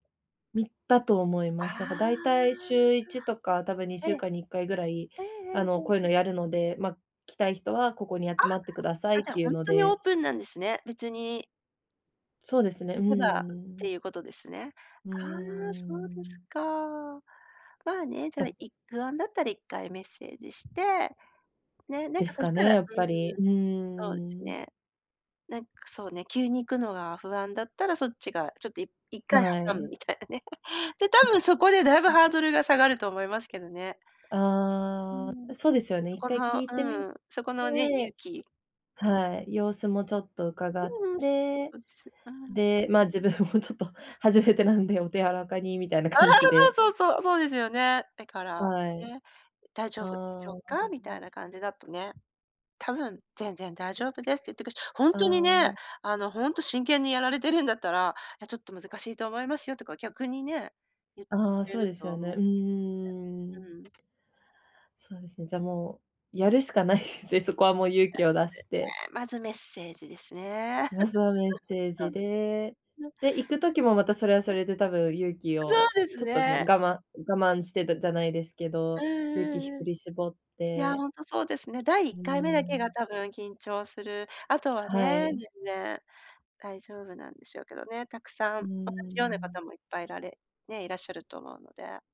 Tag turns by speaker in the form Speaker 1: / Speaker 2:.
Speaker 1: 見たと思い
Speaker 2: あ
Speaker 1: ます。なんかだいたい週1とか、多分に
Speaker 2: あ。
Speaker 1: しゅ
Speaker 2: え
Speaker 1: う
Speaker 2: え。
Speaker 1: かんに1回ぐらい、
Speaker 2: ええええええ
Speaker 1: あのこういう
Speaker 2: え
Speaker 1: の
Speaker 2: え。
Speaker 1: やるので、ま、来たい人はここに集まってくださ
Speaker 2: あ、
Speaker 1: いっ
Speaker 2: じゃあ
Speaker 1: ていう
Speaker 2: 本
Speaker 1: の
Speaker 2: 当にオ
Speaker 1: で
Speaker 2: ープンなんですね。別に
Speaker 1: そうですね。う
Speaker 2: 行
Speaker 1: んう
Speaker 2: け
Speaker 1: んう
Speaker 2: ばっ
Speaker 1: んうん。
Speaker 2: ていうことですね。
Speaker 1: うんう
Speaker 2: ああ、
Speaker 1: んう
Speaker 2: そうで
Speaker 1: ん、うー
Speaker 2: す
Speaker 1: ん。
Speaker 2: か。まあね、じゃ、い不安だったら一回メッセージして。ね、なん
Speaker 1: で
Speaker 2: か
Speaker 1: す
Speaker 2: そし
Speaker 1: か
Speaker 2: た
Speaker 1: ね、
Speaker 2: らう
Speaker 1: やっぱり。
Speaker 2: ーん。
Speaker 1: うー
Speaker 2: そうです
Speaker 1: ん。
Speaker 2: ね。なんかそうね、急に行くのが不安だったら、そっちがちょっと、い一回
Speaker 1: は
Speaker 2: 挟む
Speaker 1: い。
Speaker 2: みたいなね。で、多
Speaker 1: ん、
Speaker 2: 分そこでだいぶ
Speaker 1: ま
Speaker 2: ハード
Speaker 1: あ。
Speaker 2: ルが下がると思いますけどね。う
Speaker 1: あ
Speaker 2: ん。
Speaker 1: あ、そうですよね。
Speaker 2: そ
Speaker 1: いっ
Speaker 2: こ
Speaker 1: かい
Speaker 2: の
Speaker 1: 聞いてみ
Speaker 2: うーん、そこのね、勇
Speaker 1: て
Speaker 2: 気。
Speaker 1: はい、様子もちょっと伺っ
Speaker 2: うんうん。そ
Speaker 1: て、
Speaker 2: うです。ああ。
Speaker 1: で、ま、自分もちょっと初めてなんで、お手柔らかにみたいな感じ で。
Speaker 2: そうそうそう。そうですよね。だから、
Speaker 1: はい。
Speaker 2: ね「大丈
Speaker 1: あ
Speaker 2: 夫でし
Speaker 1: あ。
Speaker 2: ょうか？」みたい
Speaker 1: [unintelligible]
Speaker 2: な感じだとね。多分「全然大丈夫です」って言ってくし、本
Speaker 1: あ
Speaker 2: 当にね、
Speaker 1: あ。
Speaker 2: あの本当真剣にやられてるんだったら「いやちょっと難しいと思いますよ」とか逆にね、言って
Speaker 1: あ
Speaker 2: く
Speaker 1: あ、
Speaker 2: れ
Speaker 1: そう
Speaker 2: る
Speaker 1: です
Speaker 2: と
Speaker 1: よ
Speaker 2: お
Speaker 1: ね。
Speaker 2: も
Speaker 1: うんうんうん、うー
Speaker 2: う
Speaker 1: ん。
Speaker 2: ん。
Speaker 1: そうですね、じゃ、もうやるしかないですね。そこはもう勇
Speaker 2: で
Speaker 1: 気を出して。
Speaker 2: すね。まずメッセージですね。
Speaker 1: ま ずはメッセー
Speaker 2: そ、
Speaker 1: ジで。
Speaker 2: の
Speaker 1: で、行く時もまた、それはそれで多分勇気
Speaker 2: そう
Speaker 1: を
Speaker 2: です
Speaker 1: ちょっとね、
Speaker 2: ね。
Speaker 1: 我慢我慢してじゃないですけ
Speaker 2: う
Speaker 1: ど、
Speaker 2: ん
Speaker 1: 勇気ひ
Speaker 2: うん
Speaker 1: ふ
Speaker 2: うん。
Speaker 1: り絞っ
Speaker 2: いや、
Speaker 1: て
Speaker 2: 本当そうですね。第
Speaker 1: う
Speaker 2: 一
Speaker 1: ー
Speaker 2: 回目だけが
Speaker 1: ん。
Speaker 2: 多分緊張する。あとは
Speaker 1: は
Speaker 2: ね、全
Speaker 1: い。
Speaker 2: 然、大丈夫なんでしょうけどね。たくさ
Speaker 1: う
Speaker 2: ん、
Speaker 1: ー
Speaker 2: 同じような
Speaker 1: ん。
Speaker 2: 方もいっぱいいられね、いらっしゃると思うので。